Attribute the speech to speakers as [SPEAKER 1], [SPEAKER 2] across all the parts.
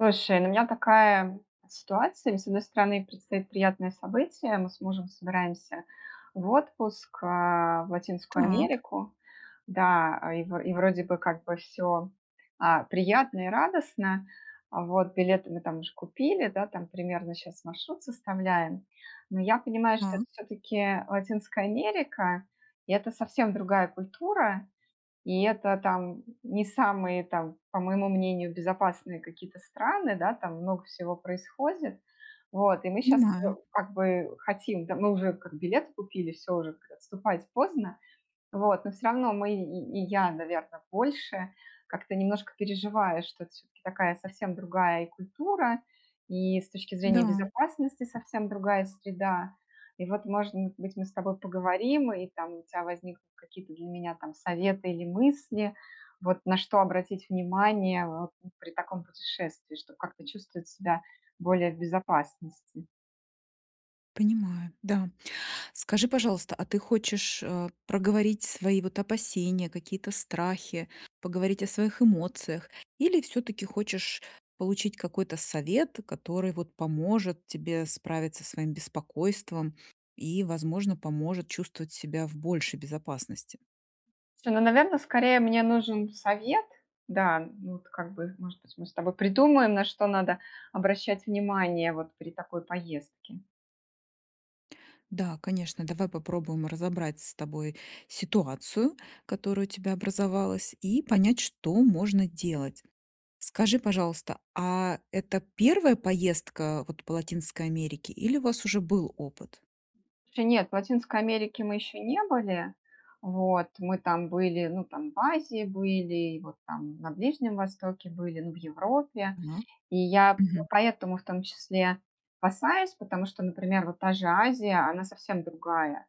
[SPEAKER 1] Слушай, у меня такая ситуация. С одной стороны предстоит приятное событие. Мы с мужем собираемся в отпуск, э, в Латинскую
[SPEAKER 2] Так.
[SPEAKER 1] Америку. Да, и вро вроде бы как бы всё, а, приятно и радостно. Вот, билеты мы там уже купили, да, там примерно щас маршрут составляем. Но я понимаю, что
[SPEAKER 2] Да.
[SPEAKER 1] это всё-таки, э, Латинская Америка, и это совсем другая культура, и это там, не самые, там, по моему мнению, безопасные какие-то страны, да. Там много всего происходит. Вот и мы щас, э,
[SPEAKER 2] Понимаю.
[SPEAKER 1] как бы, э, хотим, да. Мы уже как билеты купили, всё уже, как отступать поздно. Вот, но всё равно мы и и я, наверное, больше как-то немножко переживаешь. Что это всё-таки такая совсем другая и культура, и с точки зрения
[SPEAKER 2] Да.
[SPEAKER 1] безопасности совсем другая среда. И вот, может быть, мы с тобой поговорим. И там у тебя возникнут какие-то для меня там советы или мысли, вот на что обратить внимание, а, э, при таком путешествии, чтоб как-то чувствовать себя более в безопасности.
[SPEAKER 2] Понимаю, да. Скажи, пожалуйста, а ты хочешь, э, проговорить свои вот опасения, какие-то страхи, поговорить о своих эмоциях? Или всё-таки хочешь получить какой-то совет, который вот поможет тебе справиться своим беспокойством и, возможно, поможет чувствовать себя в большей безопасности.
[SPEAKER 1] Наверное, скорее мне нужен совет. Да, ну вот как бы, может быть, мы с тобой придумаем, на что надо обращать внимание вот при такой поездке.
[SPEAKER 2] Да, конечно, давай попробуем разобрать с тобой ситуацию, которая у тебя образовалась, и понять, что можно делать. Скажи, пожалуйста, а это 1 поездка вот по Латинской Америке или у вас уже был опыт?
[SPEAKER 1] Еще нет. В Латинской Америке мы еще не были. Вот, мы там были, ну, там в Азии были, и вот там на Ближнем Востоке были, ну, в Европе.
[SPEAKER 2] Ага,
[SPEAKER 1] И я п
[SPEAKER 2] мгм.
[SPEAKER 1] поэтому в том числе опасаюсь, потому что, например, вот та же Азия, она совсем другая.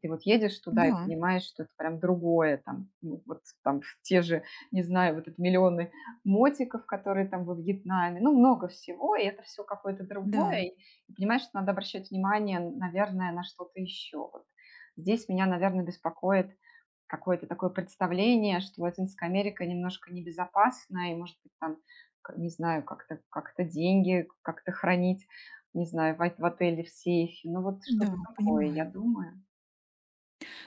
[SPEAKER 1] Ты вот едешь туда и
[SPEAKER 2] Да.
[SPEAKER 1] понимаешь, что это другое там. Ну вот там, те же, не знаю, в этот миллионы мотиков, которые там во Вьетнаме. Ну, много всего, и это всё какое-то
[SPEAKER 2] Да.
[SPEAKER 1] другое. И понимаешь, надо обращать внимание, наверное, на что-то еще вот. Здесь меня, наверное, беспокоит какое-то такое представление, что Латинская Америка немножко небезопасна и, может быть, там, к не знаю, как-то как-то деньги как-то хранить, не знаю, вайт в отеле, в сейфе. Ну вот
[SPEAKER 2] Да,
[SPEAKER 1] что-то такое, я
[SPEAKER 2] понимаю.
[SPEAKER 1] думаю.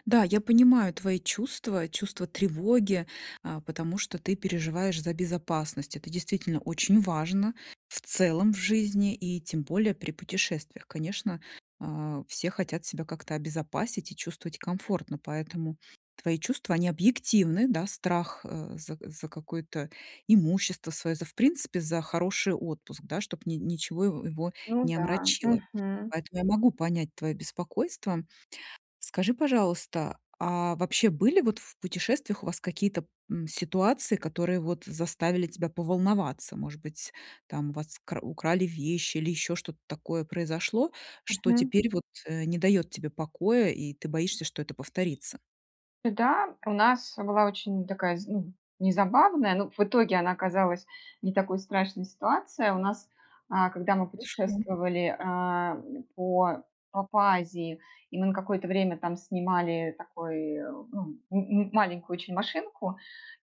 [SPEAKER 2] Да, я понимаю твои чувства, чувство тревоги, а, потому что ты переживаешь за безопасность. Это действительно очень важно в целом в жизни и тем более при путешествиях. Конечно, а, все хотят себя как-то обезопасить и чувствовать комфортно, поэтому твои чувства, они объективны, да, страх, а, за за какое-то имущество свое, за в принципе, за хороший отпуск, да, чтобы ни ничего его его
[SPEAKER 1] Ну
[SPEAKER 2] не
[SPEAKER 1] да,
[SPEAKER 2] омрачило.
[SPEAKER 1] мгм.
[SPEAKER 2] Поэтому я могу понять твое беспокойство. Скажи, пожалуйста, а вообще были вот в путешествиях у вас какие-то, м, ситуации, которые вот заставили тебя поволноваться? Может быть, там у вас кра украли вещи или еще что-то такое произошло, что
[SPEAKER 1] Мгм.
[SPEAKER 2] теперь вот, э, не дает тебе покоя, и ты боишься, что это повторится?
[SPEAKER 1] Да, у нас была очень такая, з ну не забавная, но в итоге она оказалась не такой страшной, ситуация. У нас, а, когда мы
[SPEAKER 2] Хорошо.
[SPEAKER 1] путешествовали, а, по по по Азии, и мы на какое-то время там снимали, такой, ну ну м-м маленькую очень машинку,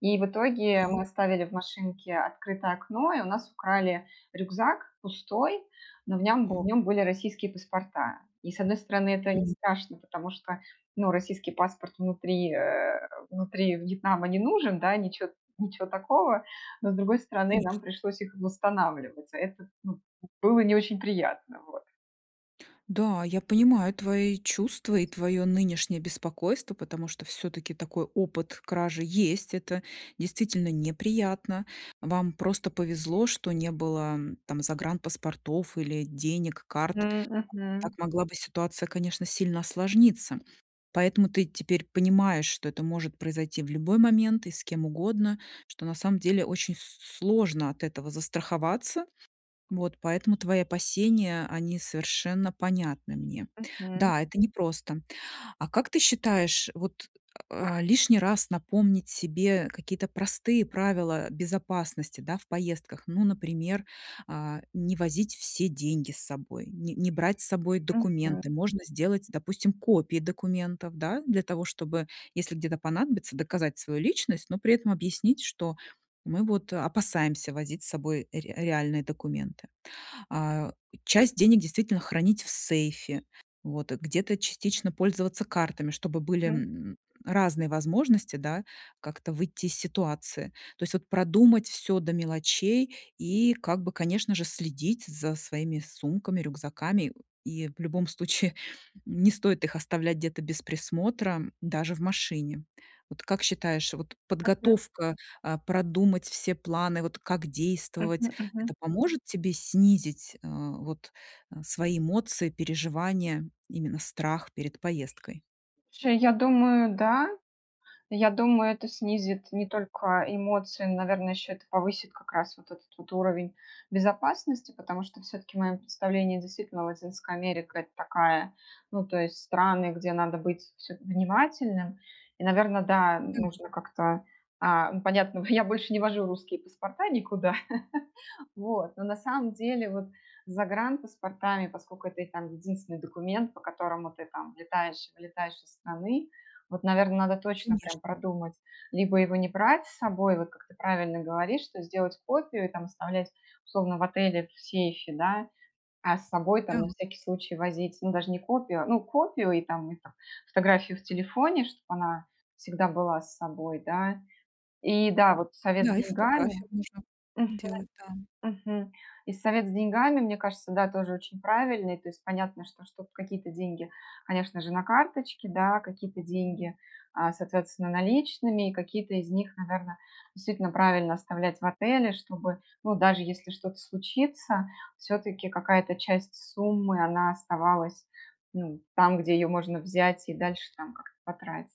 [SPEAKER 1] и в итоге мы
[SPEAKER 2] Так.
[SPEAKER 1] оставили в машинке открытое окно, и у нас украли рюкзак пустой, но в нём в
[SPEAKER 2] О
[SPEAKER 1] нём были российские паспорта. И с одной стороны это не
[SPEAKER 2] Мгм.
[SPEAKER 1] страшно, потому что, ну, российский паспорт внутри, э, внутри Вьетнама не нужен, да, ничё ничё такого, но, с другой стороны,
[SPEAKER 2] Конечно.
[SPEAKER 1] нам пришлось их восстанавливать. А это, ну, было не очень приятно. Вот.
[SPEAKER 2] Да, я понимаю твои чувства и твое нынешнее беспокойство, потому что всё-таки такой опыт кражи есть, это действительно неприятно, вам просто повезло, что не было там загранпаспортов или денег, карт.
[SPEAKER 1] Мгм
[SPEAKER 2] Так
[SPEAKER 1] мгм.
[SPEAKER 2] могла бы ситуация, конечно, сильно осложниться. Поэтому ты теперь понимаешь, что это может произойти в любой момент и с кем угодно, что на самом деле очень с сложно от этого застраховаться. Вот. Поэтому твои опасения они совершенно понятны мне.
[SPEAKER 1] Мгм.
[SPEAKER 2] Да, это непросто. А как ты считаешь, вот, а, лишний раз напомнить себе какие-то простые правила безопасности, да, в поездках, ну например, а, не возить все деньги с собой, не не брать с собой
[SPEAKER 1] Мгм.
[SPEAKER 2] документы. Можно сделать, допустим, копии документов, да, для того, чтобы, если где-то понадобится, доказать свою личность, но при этом объяснить, что мы вот опасаемся возить с собой ре реальные документы. А, часть денег действительно хранить в сейфе, вот где-то частично пользоваться картами, чтобы
[SPEAKER 1] [unintelligible]
[SPEAKER 2] были,
[SPEAKER 1] Мгм.
[SPEAKER 2] м, разные возможности, да, как-то выйти из ситуации. То есть вот продумать всё до мелочей и как бы, конечно же, следить за своими сумками, рюкзаками. И в любом случае не стоит их оставлять где-то без присмотра, даже в машине. Вот как считаешь, вот
[SPEAKER 1] Мгм.
[SPEAKER 2] подготовка, а, продумать все планы, вот как действовать-
[SPEAKER 1] Мгм мгм.
[SPEAKER 2] это поможет тебе снизить, а, вот, э, свои эмоции, переживания, именно страх перед поездкой?
[SPEAKER 1] Слушай, я думаю, да. Я думаю, это снизит не только эмоции, но, наверное, еще это повысит как раз вот этот вот уровень безопасности, потому что всё-таки в моем представлении действительно Латинская Америка- это такая, ну, то есть страны, где надо быть вс внимательным. И, наверное, да,
[SPEAKER 2] Мгм.
[SPEAKER 1] нужно как-то, э, понятно, в я больше не вожу русские паспорта никуда. Вот. Но на самом деле вот с загранпаспортами, поскольку это и там единственный документ, по которому ты там влетаешь-вылетаешь из страны, вот, наверное, надо точно
[SPEAKER 2] Конечно.
[SPEAKER 1] прям продумать либо его не брать с собой, вот как ты правильно говоришь, что сделать копию и там оставлять условно в отеле, в сейфе, да, а с собой там,
[SPEAKER 2] Да.
[SPEAKER 1] на всякий случай, возить, ну, даже не копию, ну, копию и там, ну, там фотографию в телефоне, чтобы она всегда была с собой, да. И, да, вот совет с
[SPEAKER 2] Да, и
[SPEAKER 1] деньгами.
[SPEAKER 2] фотографию можно
[SPEAKER 1] Мгм,
[SPEAKER 2] делать, да.
[SPEAKER 1] мгм. И совет с деньгами, мне кажется, да тоже очень правильный, то есть понятно, что, чтоб какие-то деньги, конечно же, на карточке, да, какие-то деньги, а, соответственно, наличными и какие-то из них, наверное, действительно правильно оставлять в отеле, чтобы, ну, даже если что-то случится всё-таки, какая-то часть суммы, она оставалась, ну там, где ее можно взять и дальше там как-то потратить.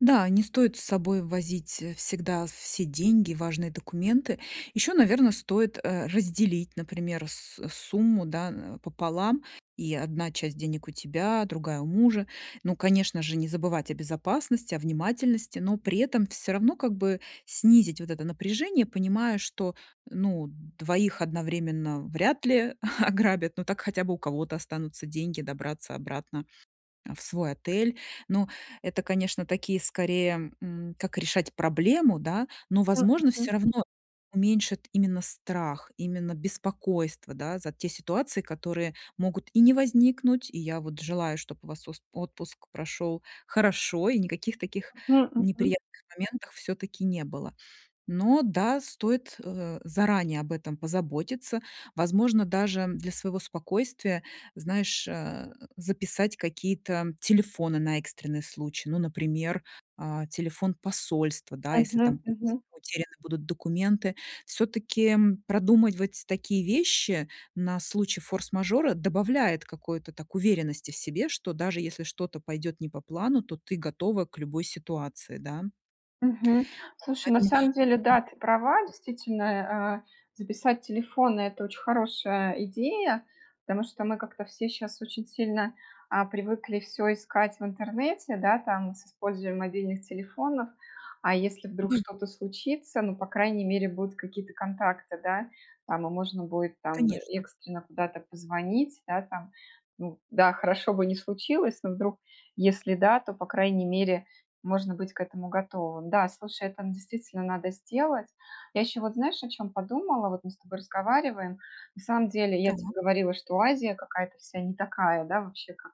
[SPEAKER 2] Да, не стоит с собой возить всегда все деньги, важные документы. Еще, наверное, стоит, э, разделить, например, с сумму, да, пополам. И одна часть денег у тебя, другая у мужа. Ну, конечно же, не забывать о безопасности, о внимательности, но при этом всё равно как бы снизить вот это напряжение, понимая, что, ну, 2 одновременно вряд ли ограбят, ну, так хотя бы у кого-то останутся деньги добраться обратно, э, в свой отель. Но это, конечно, такие, скорее, м, как решать проблему, да, но,
[SPEAKER 1] М.
[SPEAKER 2] возможно,
[SPEAKER 1] Мгм.
[SPEAKER 2] всё равно уменьшат именно страх, именно беспокойство, да, за те ситуации, которые могут и не возникнуть. И я вот желаю, чтоб у вас с отпуск прошёл хорошо, и никаких таких
[SPEAKER 1] М, мгм.
[SPEAKER 2] неприятных моментов всё-таки не было. Но да, стоит, э, заранее об этом позаботиться. Возможно, даже для своего спокойствия, знаешь, э, записать какие-то телефоны на экстренный случай. Ну, например, э, телефон посольства, да, если там
[SPEAKER 1] Мгм,
[SPEAKER 2] будут
[SPEAKER 1] мгм.
[SPEAKER 2] утеряны будут документы. Всё-таки продумывать такие вещи на случай форс-мажора добавляет какой-то так уверенности в себе, что даже если что-то пойдет не по плану, то ты готова к любой ситуации, да.
[SPEAKER 1] Мгм.
[SPEAKER 2] Вот
[SPEAKER 1] Слушай, на
[SPEAKER 2] поэтому,
[SPEAKER 1] самом деле,
[SPEAKER 2] мгм.
[SPEAKER 1] да, ты права, действительно, а, э, записать телефон- это очень хорошая идея, потому что мы как-то все щас очень сильно, а, привыкли всё искать в интернете, да, там, с использованием мобильных телефонов, а если вдруг
[SPEAKER 2] Мгм.
[SPEAKER 1] что-то случится, ну, по крайней мере, будут какие-то контакты, да. Там и можно будет там
[SPEAKER 2] Конечно.
[SPEAKER 1] экстренно куда-то позвонить. Да, там, ну да, хорошо бы не случилось, но вдруг, если да, то, по крайней мере, можно быть к этому готовым. Да, слушай, это, ну, действительно надо сделать. Я еще вот, знаешь, о чем подумала: вот мы с тобой разговариваем, на самом деле, я тебе
[SPEAKER 2] Так.
[SPEAKER 1] говорила, что Азия какая-то вся не такая, да, вообще, как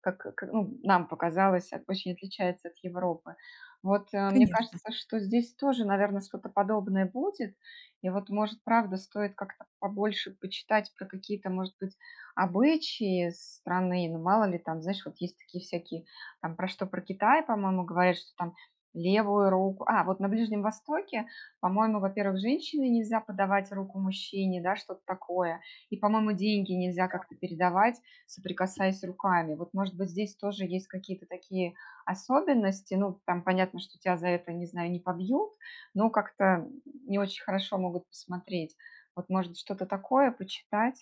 [SPEAKER 1] как ка ну, нам показалось, очень отличается от Европы. Вот, э. Мне
[SPEAKER 2] Конечно.
[SPEAKER 1] кажется, что здесь тоже, наверное, что-то подобное будет. И вот, может, правда, стоит как-то побольше почитать про какие-то, может быть, обычаи страны. Ну, мало ли там, знаешь, вот есть такие всякие там про что, про Китай, по-моему, говорят, что там левую руку, а вот на Ближнем Востоке, по-моему, во-первых, женщине нельзя подавать руку мужчине, да, что-то такое, и, по-моему, деньги нельзя
[SPEAKER 2] Да.
[SPEAKER 1] как-то передавать, соприкасаясь руками. Вот, может быть, здесь тоже есть какие-то такие особенности, ну, там понятно, что тебя за это, не знаю, не побьют, но как-то не очень хорошо могут посмотреть. Вот, может, что-то такое почитать?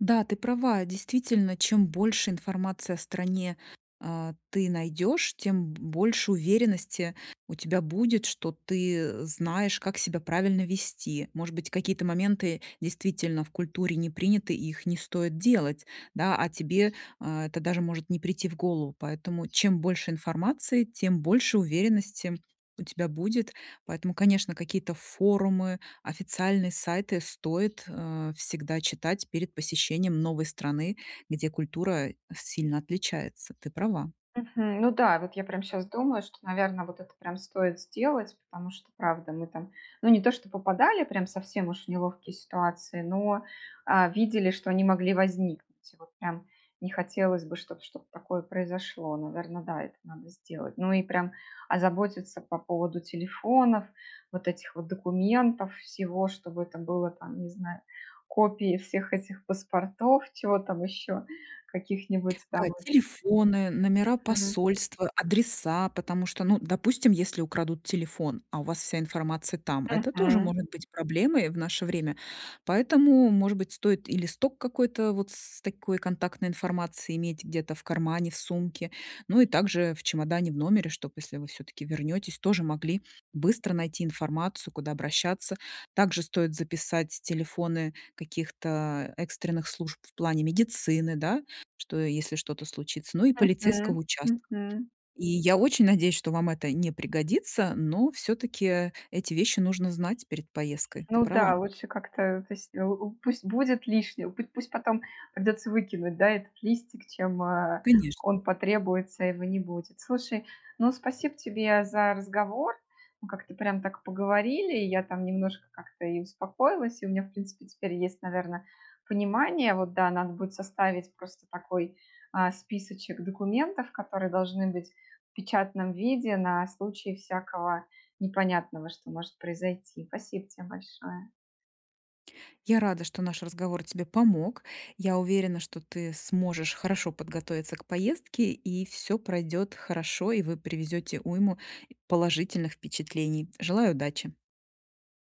[SPEAKER 2] Да, ты права. Действительно, чем больше информации о стране, э, ты найдешь, тем бо больше уверенности у тебя будет, что ты знаешь, как себя правильно вести. Может быть, какие-то моменты действительно в культуре не приняты, и их не стоит делать. Да, а тебе, а, это даже может не прийти в голову. Поэтому чем больше информации, тем больше уверенности у тебя будет. Поэтому, конечно, какие-то форумы, официальные сайты стоит, э, всегда читать перед посещением новой страны, где культура сильно отличается. Ты права.
[SPEAKER 1] Мгм, ну да, вот я прям щас думаю, что, наверно, вот это прям стоит сделать, потому что, правда, мы там, ну, не то что попадали прям совсем уж в неловкие ситуации, но, э, видели что они могли возникнуть. Вот прям, не хотелось бы чтоб что-то такое произошло. Наверно, да, это надо сделать. Ну и прям озаботиться по поводу телефонов, вот этих вот документов, всего, чтобы это было там, не знаю, копии всех этих паспортов, чего там еще, каких-нибудь,
[SPEAKER 2] Да,
[SPEAKER 1] там, этих
[SPEAKER 2] телефоны, номера
[SPEAKER 1] Мгм.
[SPEAKER 2] посольства, адреса, потому что, ну, допустим, если украдут телефон, а у вас вся информация там, это тоже
[SPEAKER 1] Мгм.
[SPEAKER 2] может быть проблемой в наше время. Поэтому, может быть, стоит и листок какой-то вот с такой контактной информацией иметь где-то в кармане, в сумке. Ну и также в чемодане в номере, чтоб, если вы всё-таки вернетесь, тоже могли быстро найти информацию, куда обращаться. Также стоит записать телефоны каких-то экстренных служб в плане медицины, да, что если что-то случится, ну и полицейского
[SPEAKER 1] Мгм.
[SPEAKER 2] участка.
[SPEAKER 1] Мгм.
[SPEAKER 2] И я очень надеюсь, что вам это не пригодится, но, всё-таки, эти вещи нужно знать перед поездкой. Ты
[SPEAKER 1] Ну да,
[SPEAKER 2] права.
[SPEAKER 1] лучше как-то пусть, э, пусть будет лишним, путь пусть потом придется выкинуть, да, этот листик, чем, э,
[SPEAKER 2] Конечно.
[SPEAKER 1] он потребуется, а его не будет. Слушай, ну спасибо тебе за разговор, мы как-то прям так поговорили, я там немножко как-то и успокоилась, и у меня, в принципе, теперь есть, наверно, понимание. Вот да, надо будет составить просто такой, а, списочек документов, которые должны быть в печатном виде на случай всякого непонятного, что может произойти. Спасибо те большое.
[SPEAKER 2] Я рада, что наш разговор тебе помог. Я уверена, что ты сможешь хорошо подготовиться к поездке, и всё пройдет хорошо, и вы привезете уйму положительных впечатлений. Желаю удачи!